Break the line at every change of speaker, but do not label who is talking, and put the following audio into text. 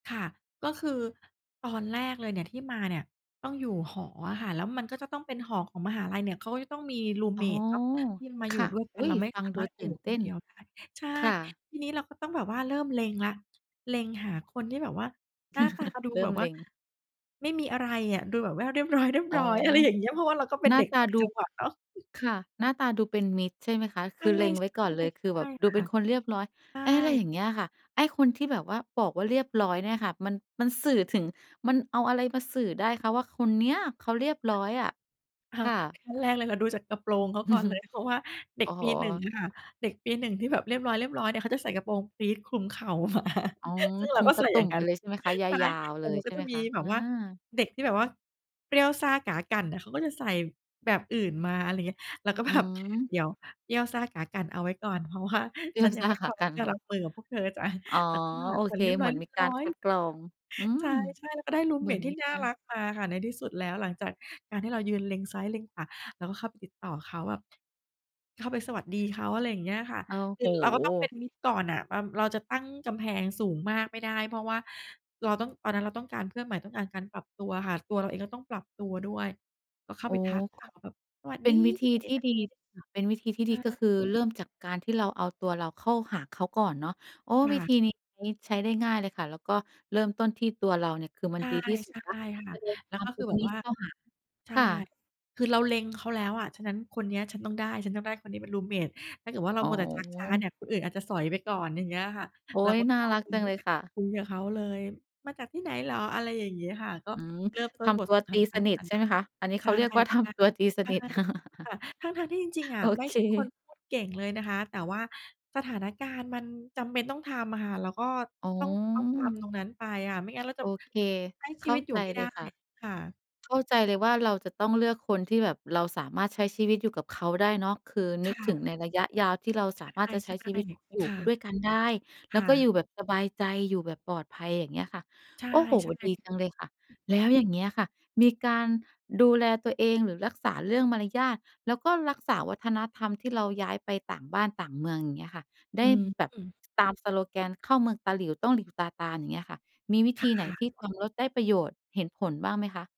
ค่ะ ก็คือ ตอนแรกเลยเนี่ย ที่มาเนี่ยต้องอยู่หออะค่ะ แล้วมันก็จะต้องเป็นหอของมหาลัยเนี่ย เขาก็จะต้องมีรูม
อ
เ
๋
ม
อ
ตเนาะ ที่จะมา
ค
อยู่
่ะ
ด้วยก
อ
ั
ุ
น
๊
เร
ย!
าไม่
ฟั
ส
ง
า
ด
ม
ู
ารถ
ต
อยู
ื
่
่นเ
ค
ต
น
้
เ
น
ดียวได้ ใช่
ค่ะ
ทีนี้เราก็ต้องแบบว่า เริ่มเล็งละ เล็งหาคนที่แบบว่าหน้าตาดู
เริ
แ
่
บ
ม
บว่
เล
า
็ง
ไม่มีอะไรอะ ดูแบบว่าเรียบร
อ๋
้
อ
อย ๆ อะไรอย่างเงี้ย เพราะว่าเราก็เป็
ห
น
น้
เ
า
ด็ก
ต
ต
า
่าง
ด
จ
ู
ังหวัดเนาะ
ค่ะ หน้าตาดูเป็นมิตร ใช่ไหมคะ?
ใ
ค
ช
ื
่
อเล็งไว้ก่อนเลย คือแบบ
ๆ
ด
ๆ
ู
ค
เป็
่ะ
นคนเรียบร้อย
ใช
อะไร
่
อย่างเงี้ยค่ะ ไอ้คนที่แบบว่าบอกว่า เรียบร้อยเนี่ยค่ะ มัน มันสื่อถึง มันเอาอะไรมาสื่อได้คะว่า คนเนี้ยเขาเรียบร้อยอะ? ค่ะ
ขั้นแรกเลย เราดูจากกระโปรงเขา
อื
ก่
อ
อน
ฮึ
เลย เพราะว่าเด็
โอ
ก
้โ
ปี 1
ฮ!
ค่ะ เด็กปี 1 ที่แบบเรียบร้อย ๆ เนี่ย เค้าจะใส่กระโปรงปรี๊ดคลุมเข่า มา
อ๋อ
ซึ่งเ
ค
ร
ล
า
ุ
ก
ม
็
ต
ใส
า
่
ต
อ
ุ
ย่
่
าง
ม
ง
ไ
ั
ป
้น
เลย ใช่ไหมคะ? ย
ใช่
าว ๆ
แต
เล
่
ย
มันก
ใ
็
ช่
จ
ไ
ะ
หม
มี
คะ?
แบ
อ
บ
า
ว่าเด็กที่แบบว่าเปรี้ยวซ่าก๋ากั่นน่ะ เขาก็จะใส่แบบอื่นมา อะไรอย่างเงี้ย เราก็
อื
แบบ
ม
"เดี๋ยว! เปรี้ยวซ่าก๋ากั่นเอาไว้ก่อน เพราะว่า
เปรี
ฉ
้
ั
ยว
นยั
ซ
ง
่า
ไม่
ก
พ
๋
ร
า
้อม
ก
ท
ั
ี
่
่จะรั
น
บมือกับพวกเธอจ้ะ"
อ๋อ
แล้วก็ห
โ
า
อ
ค
เ
น
ค
เรียบ
เ
ร
หมือนมีกา
้อ
รค
ย
ัดกรอง อื
ๆ ใช
ม
่ ๆ แล้วก็ได้รูม
เหม
เ
ื
ม
อน
ตที
ม
่
ี
น่
ก
า
าร
รักมาค่ะ ในที่สุดแล้ว หลังจากการที่เรายืนเล็งซ้ายเล็งขวา แล้วก็เข้าไปติดต่อเขาแบบ เข้าไปสวัสดีเขา อะไรอย่างเงี้ยค่ะ
โอ้
คื
โฮ
อเราก็ต้องเป็นมิตรก่อนน่ะ แบบเราจะตั้งกำแพงสูงมากไม่ได้ เพราะว่าเราต้อง ตอนนั้นเราต้องการเพื่อนใหม่ ต้องการการปรับตัวค่ะ ตัวเราเองก็ต้องปรับตัวด้วย ก็เข้า
โอ้!
ไปทักเขาแบบ "สวัส
เป็
ดี"
นวิธี
อะไร
ที่
แบบ
ดี
นี้
เป็นวิธีที่
ใ
ด
ช
ีก็
่
คือ เริ่มจากการที่เราเอาตัวเราเข้าหาเขาก่อนเนาะ อ้อ
ค่
วิธ
ะ
ีนี้ใช้ ใช้ได้ง่ายเลยค่ะ แล้วก็เริ่มต้นที่ตัวเราเนี่ย คือมั
ใ
นดีที่สุ
ช
ดแล้ว
่ ๆ ค่
จ
ะ
ะรวม
แ
ค
ล้
ว
ว
า
ก
ม
็
ต
ค
ร
ือ
ง
แบ
น
บ
ี้
ว
ส
่า
เข้าหา
ใช
ค
่
่ะ
คือเราเล็งเขาแล้วอะ ฉะนั้นคนเนี้ยฉันต้องได้ ฉันต้องได้คนนี้เป็นรูมเมต ถ้าเกิดว่าเรา
อ๋
มัวแต่ชักช้าเน
อ
ี่ย คนอื่นอาจจะสอยไปก่อน อย่างเงี้ยค่ะ
โอ๊
เรา
ย
ก็
น่
เข
า
้า
รั
ไ
ก
ป
จั
ค
ง
ุ
เลย
ย
ค่ะ
คุยกับเขาเลย "มาจากที่ไหนเหรอ?" อะไรอย่างเงี้ยค่ะ ก็
อือ
เริ่มต้
ท
นบ
ำ
ท
ตัว
สนท
ตี
นา
สนิ
ก
ท
ัน
ใช่ไหมคะ? อันนี้
ใช
เข
่
าเรียกว่า ท
ๆ ใช่
ำตัว ตีส
ใช
นิท
่ค่ะ ทั้ง ๆ ที่จริง ๆ อ
โอ
ะ ไม่
เค
ใช่คนพูดเก่งเลยนะคะ แต่ว่าสถานการณ์มันจำเป็นต้องทำอะค่ะ แล้วก็
อ๋อ
ต้องเอากำตรงนั้นไปค่ะ ไม่งั้นเราจ
โ
ะ
อเค
ใช้ช
เข
ี
้า
วิตอย
ใ
ู
จ
่ไม่
เ
ไ
ล
ด้
ยค่ะ
ค่ะ
เข้าใจเลยว่า เราจะต้องเลือกคนที่แบบ เราสามารถใช้ชีวิตอยู่กับเขาได้เนาะ คือ
ค
นึ
่
กถึง
ะ
ในระยะยาวที่เรา
ใช
สามารถ
่
จะใช้ชีวิตอย
ๆ
ู
ค
่
่
ด
ะ
้วยกันได้ แ
ค
ล้ว
่
ก็
ะ
อยู่แบบสบายใจ อยู่แบบปลอดภัย อย่างเงี้ยค่ะ
ใช่
โอ้โฮ! ด
ๆ
ีจังเลยค่ะ แล้วอย่างเงี้ยค่ะ มีการดูแลตัวเอง หรือรักษาเรื่องมารยาท แล้วก็รักษาวัฒนธรรม ที่เราย้ายไปต่างบ้านต่างเมือง อย่างเงี้ยค่ะ ได
อื
้
อ
แบบ
ฮึ
ตามสโลแกน "เข้าเมืองตาหลิ่ว ต้องหลิ่วตาตาม" อย่างเงี้ยค่ะ มีวิ
ค
ธ
่
ีไหนท
ะ
ี่ทำแล้วได้ประโยชน์ เห็นผลบ้างไหมคะ?